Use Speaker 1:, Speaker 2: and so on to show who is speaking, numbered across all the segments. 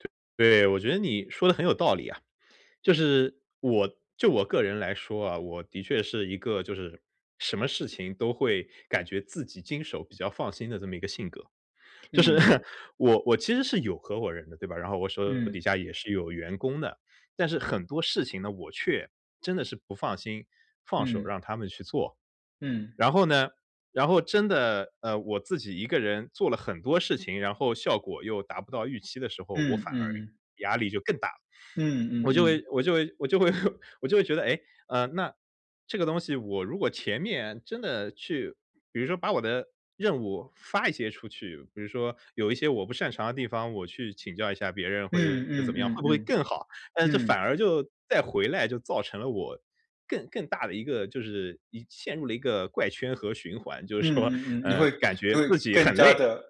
Speaker 1: 对对，我觉得你，说得很有道理啊。就是，我就我个人来说啊，我的确是一个就是，什么事情都会感觉自己经手比较放心的这么一个性格，就是
Speaker 2: 嗯。
Speaker 1: 我我其实是有合伙人的，对吧？然后我手底
Speaker 2: 嗯。
Speaker 1: 下也是有员工的。但是很多事情呢，我却真的是不放心，放手
Speaker 2: 嗯。
Speaker 1: 让他们去做。
Speaker 2: 嗯。
Speaker 1: 然后呢，然后真的，呃，我自己一个人做了很多事情，然后效果又达不到预期的时候，我
Speaker 2: 嗯
Speaker 1: 反而
Speaker 2: 嗯嗯。
Speaker 1: 压力就更大了。
Speaker 2: 嗯嗯
Speaker 1: 我就
Speaker 2: 嗯。
Speaker 1: 会我就会我就会 我就会觉得：“诶，啊，那，这个东西我如果前面真的去比如说把我的任务发一些出去，比如说，有一些我不擅长的地方，我去请教一下别人或
Speaker 2: 嗯
Speaker 1: 者怎
Speaker 2: 嗯
Speaker 1: 么样，会
Speaker 2: 嗯
Speaker 1: 不会
Speaker 2: 嗯。
Speaker 1: 更好？”但是这反
Speaker 2: 嗯。
Speaker 1: 而就再回来就造成了我，更更大的一个就是，一陷入了一个怪圈和循环，就是说，
Speaker 2: 嗯嗯嗯。你
Speaker 1: 呃，
Speaker 2: 会
Speaker 1: 感觉
Speaker 2: 你会
Speaker 1: 自己
Speaker 2: 更
Speaker 1: 很
Speaker 2: 加
Speaker 1: 累。
Speaker 2: 地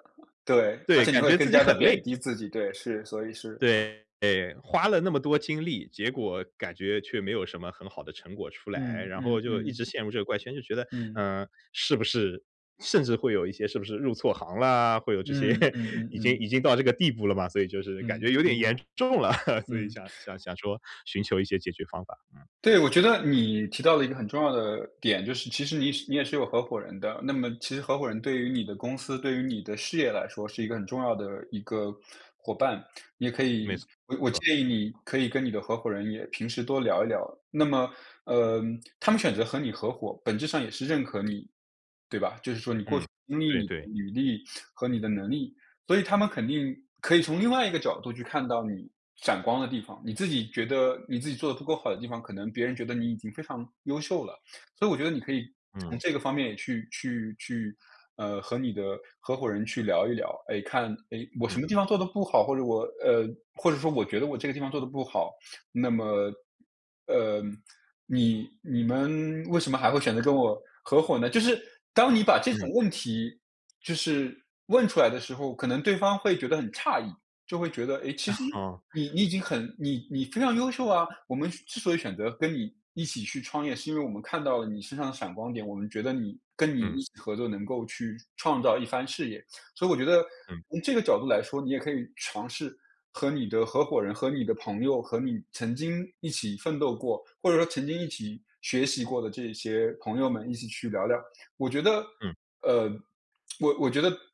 Speaker 2: 对，而
Speaker 1: 对，
Speaker 2: 且你
Speaker 1: 感
Speaker 2: 会
Speaker 1: 觉自
Speaker 2: 更
Speaker 1: 己
Speaker 2: 加地
Speaker 1: 很
Speaker 2: 贬
Speaker 1: 累。
Speaker 2: 低自己，对，是，所以是
Speaker 1: 对。花了那么多精力，结果，感觉却没有什么很好的成果出来。
Speaker 2: 嗯
Speaker 1: 然后
Speaker 2: 嗯
Speaker 1: 就一
Speaker 2: 嗯。
Speaker 1: 直陷入这个怪圈，就觉得：
Speaker 2: 嗯。
Speaker 1: “呃，是不是甚至会有一些是不是入错行了？”会有这些。
Speaker 2: 嗯嗯嗯
Speaker 1: 已经
Speaker 2: 嗯。
Speaker 1: 已经到这个地步了嘛，所以就是感觉
Speaker 2: 嗯
Speaker 1: 有点
Speaker 2: 嗯。
Speaker 1: 严重了，所以
Speaker 2: 嗯。
Speaker 1: 想 想想说寻求一些解决方法，嗯。
Speaker 2: 对，我觉得，你提到了一个很重要的点就是，其实你是你也是有合伙人的。那么其实合伙人对于你的公司、对于你的事业来说是一个很重要的一个伙伴。你也可
Speaker 1: 没
Speaker 2: 以我我
Speaker 1: 错。
Speaker 2: 建议你，可以跟你的合伙人也平时多聊一聊。那么，呃，他们选择和你合伙，本质上也是认可你。对吧？就是说你过
Speaker 1: 嗯，
Speaker 2: 去的经历、
Speaker 1: 对
Speaker 2: 你
Speaker 1: 对。
Speaker 2: 的履历，和你的能力。所以他们肯定，可以从另外一个角度去看到你，闪光的地方。你自己觉得你自己做得不够好的地方，可能别人觉得你已经非常优秀了。所以我觉得你可以，
Speaker 1: 嗯。
Speaker 2: 从这个方面去去去，呃，和你的合伙人去聊一聊，哎，看，哎，我什
Speaker 1: 嗯。
Speaker 2: 么地方做得不好，或者我呃，或者说我觉得我这个地方做得不好，那么，呃，你你们为什么还会选择跟我，合伙呢？就是，当你把这
Speaker 1: 嗯。
Speaker 2: 种问题，就是，问出来的时候，可能对方会觉得很诧异，就会觉得：“哎，其实，
Speaker 1: 哼。
Speaker 2: 你你已经很你你非常优秀啊，我们之之所以选择，跟你一起去创业，是因为我们看到了你身上的闪光点。我们觉得你跟你
Speaker 1: 嗯。
Speaker 2: 一起合作能够去创造一番事业。”所以我觉得，
Speaker 1: 嗯。
Speaker 2: 从这个角度来说，你也可以尝试，和你的合伙人、和你的朋友、和你曾经一起奋斗过，或者说曾经一起学习过的这些朋友们，一起去聊聊。我觉得，
Speaker 1: 嗯。
Speaker 2: 呃，我我觉得